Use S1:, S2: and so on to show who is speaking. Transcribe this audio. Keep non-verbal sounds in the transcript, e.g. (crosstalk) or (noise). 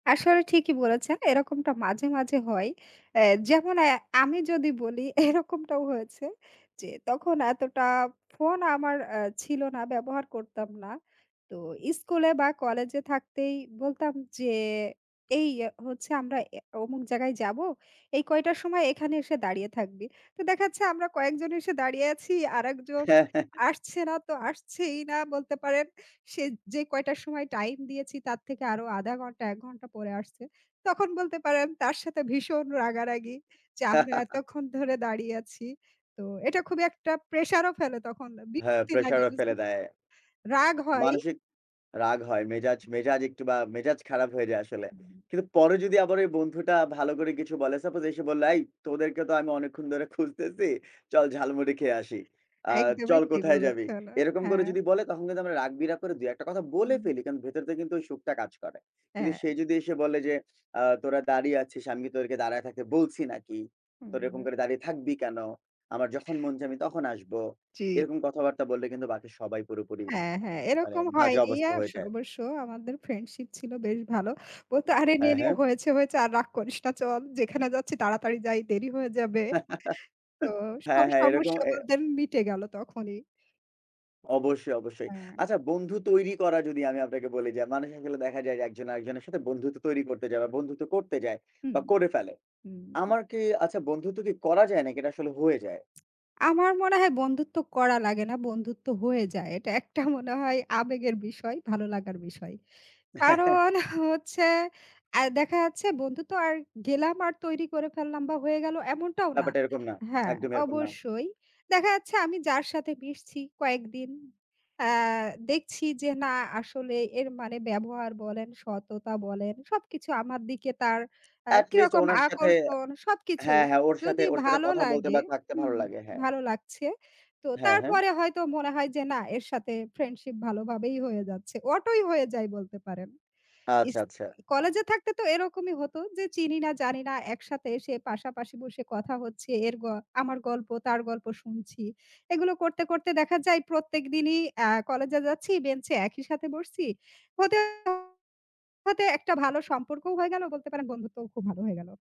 S1: আসলে ঠিকই বলেছেন। এরকমটা মাঝে, মাঝে হয়। অ্যা যেমন অ্যা আমি যদি বলি এরকমটাও হয়েছে যে তখন এতটা ফোন আমার অ্যা ছিল না, ব্যবহার করতাম না। তো স্কুলে বা কলেজে থাকতেই বলতাম যে "এই হচ্ছে আমরা অ্যা অমুক জায়গায় যাবো, এই কয়টার সময় এখানে এসে দাঁড়িয়ে থাকবি।" তো দেখা যাচ্ছে আমরা কয়েকজন এসে দাঁড়িয়ে আছি, আরেকজন
S2: হ্যাঁ, হ্যাঁ, হ্যাঁ।
S1: আসছে না তো আসছেই না বলতে পারেন। সে যে কয়টার সময় টাইম দিয়েছি, তার থেকে আরও ১/২ ঘণ্টা ১ ঘণ্টা পরে আসছে। তখন বলতে পারেন তার সাথে ভীষণ রাগারাগি যে আমরা
S2: (chuckles)
S1: এতক্ষণ ধরে দাঁড়িয়ে আছি। তো এটা খুবই একটা প্রেসারও ফেলে তখন। এ
S2: হ্যাঁ,
S1: বিরক্তি
S2: pressure
S1: লাগে
S2: ও ফেলে
S1: বুঝলে
S2: দেয়।
S1: রাগ হয়।
S2: মানসিক রাগ হয়, মেজাজ মেজাজ একটু বা মেজাজ খারাপ হয়ে যায় আসলে।
S1: উম
S2: কিন্তু পরে যদি আবার ওই বন্ধুটা ভালো করে কিছু বলে, suppose এসে বলল, "এই তোদেরকে তো আমি অনেকক্ষণ ধরে খুঁজতেছি। চল ঝালমুড়ি খেয়ে আসি। আ
S1: একদমই
S2: চল
S1: ঠিক
S2: কোথায় যাবি?"
S1: বলেছেন। অ্যা
S2: এরকম করে
S1: হ্যাঁ।
S2: যদি বলে তখন কিন্তু আমরা রাগ-বিরাগ করে ২-১ টা কথা বলে
S1: হুম।
S2: ফেলি। কারণ ভেতর থেকে কিন্তু ওই সুখটা কাজ করে। কিন্তু
S1: হ্যাঁ।
S2: সে যদি এসে বলে যে "আ তোরা দাঁড়িয়ে আছিস, আমি তোদেরকে দাঁড়ায় থাকতে বলছি নাকি?
S1: হুম,
S2: তোরা এরকম
S1: হু।
S2: করে দাঁড়িয়ে থাকবি কেন? আমার যখন মন চায় আমি তখন আসব।"
S1: জি।
S2: এরকম কথাবার্তা বললে কিন্তু বাকি সবাই পুরোপুরি
S1: হ্যাঁ,
S2: আ
S1: হ্যাঁ,
S2: মানে
S1: এরকম
S2: বাজে
S1: হয়নি আ
S2: অবস্থা
S1: আস
S2: হয়ে যায়।
S1: অবশ্য আমাদের ফ্রেন্ডশিপ ছিল বেশ ভালো। বলতো "আরে
S2: হ্যাঁ,
S1: নেনে
S2: হ্যাঁ।
S1: হয়েছে, হয়েছে। আর রাগ করিস না। চল যেখানে যাচ্ছি তাড়াতাড়ি যাই। দেরি হয়ে যাবে।"
S2: (chuckles)
S1: তো
S2: হ্যাঁ,
S1: সব
S2: হ্যাঁ, এরকম
S1: সমস্যা
S2: এ
S1: আমাদের মিটে গেল তখনই।
S2: অবশ্যই, অবশ্যই।
S1: হ্যাঁ।
S2: আচ্ছা, বন্ধু তৈরি করা যদি আমি আপনাকে বলি। যে মানুষ আসলে দেখা যায় যে একজন আরেকজনের সাথে বন্ধুত্ব তৈরি করতে যায় বা বন্ধুত্ব করতে যায়
S1: হুম,
S2: বা করে ফেলে।
S1: হুম।
S2: আমার কি আচ্ছা বন্ধুত্ব কি করা যায় নাকি এটা আসলে হয়ে যায়?
S1: (smacks lips) আমার মনে হয় বন্ধুত্ব করা লাগে না, বন্ধুত্ব হয়ে যায়। এটা একটা মনে হয় আবেগের বিষয়, ভালো লাগার বিষয়।
S2: (chuckles)
S1: কারণ হচ্ছে আ দেখা যাচ্ছে বন্ধু তো আর গেলাম আর তৈরি করে ফেললাম বা হয়ে গেল এমনটাও না।
S2: ব্যাপারটা এরকম না, (smacks lips)
S1: হ্যাঁ,
S2: একদমই এরকম না।
S1: অবশ্যই। দেখা যাচ্ছে আমি যার সাথে মিশছি কয়েকদিন, অ্যা দেখছি যে না আসলে এর মানে ব্যবহার বলেন, সততা বলেন সবকিছু আমার দিকে তার অ্যা
S2: at least
S1: কিরকম
S2: ওনার সাথে
S1: আকর্ষণ। সবকিছু
S2: হ্যাঁ, হ্যাঁ, ওর সাথে
S1: যদি
S2: ওর সাথে
S1: ভালো
S2: কথা বলতে
S1: লাগে
S2: বা থাকতে ভালো
S1: হুম,
S2: লাগে, হ্যাঁ।
S1: ভালো লাগছে, তো
S2: হ্যাঁ, হ্যাঁ।
S1: তারপরে হয়তো মনে হয় যে না এর সাথে ফ্রেন্ডশিপ ভালো ভাবেই হয়ে যাচ্ছে, অটোই হয়ে যায় বলতে পারেন।
S2: আচ্ছা,
S1: ইস
S2: আচ্ছা।
S1: কলেজে থাকতে তো এরকমই হতো যে চিনি না জানি না, একসাথে এসে পাশাপাশি বসে কথা হচ্ছে। এর গ আমার গল্প তার গল্প শুনছি। এগুলো করতে, করতে দেখা যায় প্রত্যেকদিনই অ্যা কলেজে যাচ্ছি, বেঞ্চে একই সাথে বসছি। হতে, হতে একটা ভালো সম্পর্কও হয়ে গেল বলতে পারেন বন্ধুত্বও খুব ভালো হয়ে গেল।